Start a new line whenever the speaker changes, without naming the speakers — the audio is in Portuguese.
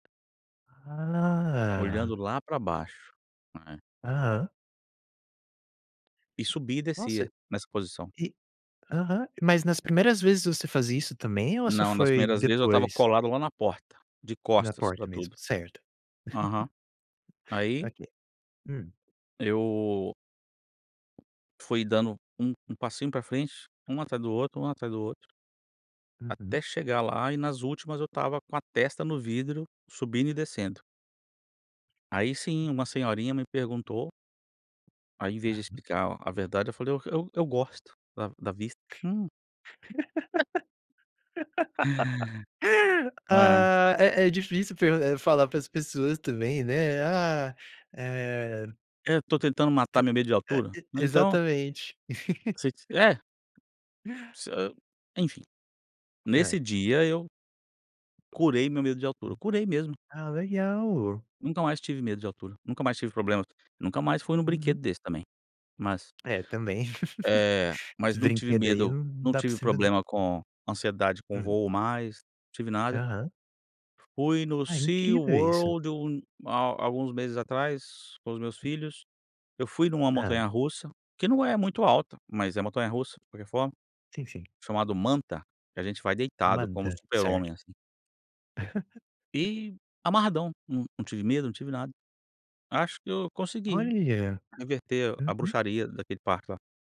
Ah.
Olhando lá para baixo, é.
Aham.
E subia e
Nossa,
descia, nessa posição.
e aham, mas nas primeiras vezes você faz isso também ou só
Não, nas
foi
primeiras vezes eu estava
depois?
colado lá na porta, de
Na
costas para
porta mesmo,
tudo.
certo.
Aham. Aí
Ok, hum.
eu fui dando um um passinho para frente, um atrás do outro, um atrás do outro
Uhum.
até chegar lá e nas últimas eu estava com a testa no vidro, subindo e descendo. Aí sim, uma senhorinha me perguntou ao invés de
Aham.
explicar a verdade, eu falei: "Eu eu eu gosto da da vista." Hum. É.
Ah, é é difícil, eh, fa falar para as pessoas também, né, ah, eh
É, estou tentando
Tu
matar meu medo de
Eh,
altura,
e
né, então
exatamente.
você, é Você enfim,
Hã.
nesse dia eu curei meu medo de altura,
Hum.
curei mesmo.
Ah, legal.
Nunca mais tive medo de altura, nunca mais tive problemas, nunca mais fui em um brinquedo
Uhum.
desse também, mas
É, também.
Eh, mas não tive
Brinquedo aí
medo,
não
não
dá
tive
possível não.
problema com ansiedade com
Hum.
voo mais, não tive nada.
Aham.
Fui no
Ah, é
Sea
incrível isso.
World um há há alguns meses atrás, com os meus filhos, eu fui em uma
Hã.
montanha russa, que não é muito alta, mas é montanha russa de qualquer forma,
Sim, sim.
chamado Manta, que a gente vai deitado como o
Manda.
Super
Certo.
Homem, assim. E amarradão, não não tive medo, não tive nada. Acho que eu consegui
Olha,
inverter a
uhum.
bruxaria daquele parque lá.